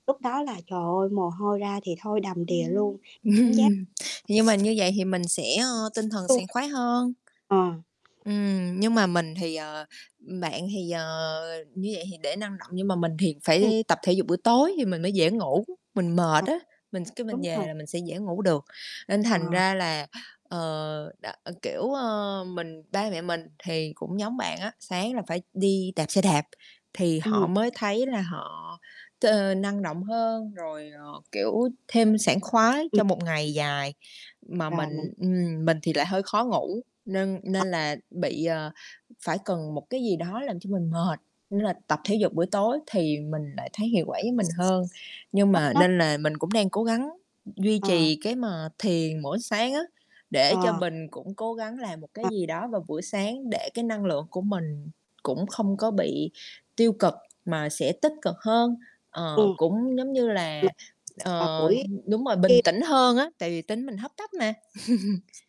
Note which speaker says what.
Speaker 1: Lúc đó là, trời ơi, mồ hôi ra thì thôi đầm
Speaker 2: Ừm.
Speaker 1: đìa luôn giác
Speaker 2: Ừm. Nhưng mà như vậy thì mình sẽ, ơ, tinh thần sảng
Speaker 1: [unintelligible]
Speaker 2: khoái hơn.
Speaker 1: Ờ.
Speaker 2: Ừm, nhưng mà mình thì, ờ ừm, bạn thì, ờ, như vậy thì để năng động, nhưng mà mình thì
Speaker 1: Ừm.
Speaker 2: phải tập thể dục buổi tối thì mình mới dễ ngủ. Mình mệt
Speaker 1: Ờ.
Speaker 2: á, mình cái mình
Speaker 1: Đúng
Speaker 2: về
Speaker 1: rồi.
Speaker 2: là mình sẽ dễ ngủ được, nên thành
Speaker 1: Ờ.
Speaker 2: ra là, ờ, đ kiểu, ờ, mình ba mẹ mình thì cũng giống bạn á, sáng là phải đi đạp xe đạp thì họ
Speaker 1: Ừm.
Speaker 2: mới thấy là họ t năng động hơn, rồi, ờ, kiểu, thêm sảng khoái
Speaker 1: Ừm.
Speaker 2: cho một ngày dài. Mà
Speaker 1: Rồi, mình
Speaker 2: mình ừm, mình thì lại hơi khó ngủ nên
Speaker 1: Ờ.
Speaker 2: nên là bị, ờ, phải cần một cái gì đó làm cho mình mệt, nên là tập thể dục buổi tối thì mình lại thấy hiệu quả với mình hơn. Nhưng
Speaker 1: Hấp
Speaker 2: mà
Speaker 1: tấp.
Speaker 2: nên là mình cũng đang cố gắng d duy
Speaker 1: Ờ.
Speaker 2: trì cái mà thiền mỗi sáng á, để cho
Speaker 1: Ờ.
Speaker 2: bình cũng cố gắng làm một cái
Speaker 1: Ờ.
Speaker 2: gì đó vào buổi sáng để cái năng lượng của mình cũng không có bị tiêu cực mà sẽ tích cực hơn. Ờ,
Speaker 1: Ừm.
Speaker 2: cũng giống như
Speaker 1: Mình
Speaker 2: là
Speaker 1: vào
Speaker 2: ờ,
Speaker 1: buổi
Speaker 2: đúng rồi, bình
Speaker 1: đêm
Speaker 2: tĩnh hơn á, tại vì tính mình hấp tấp mà.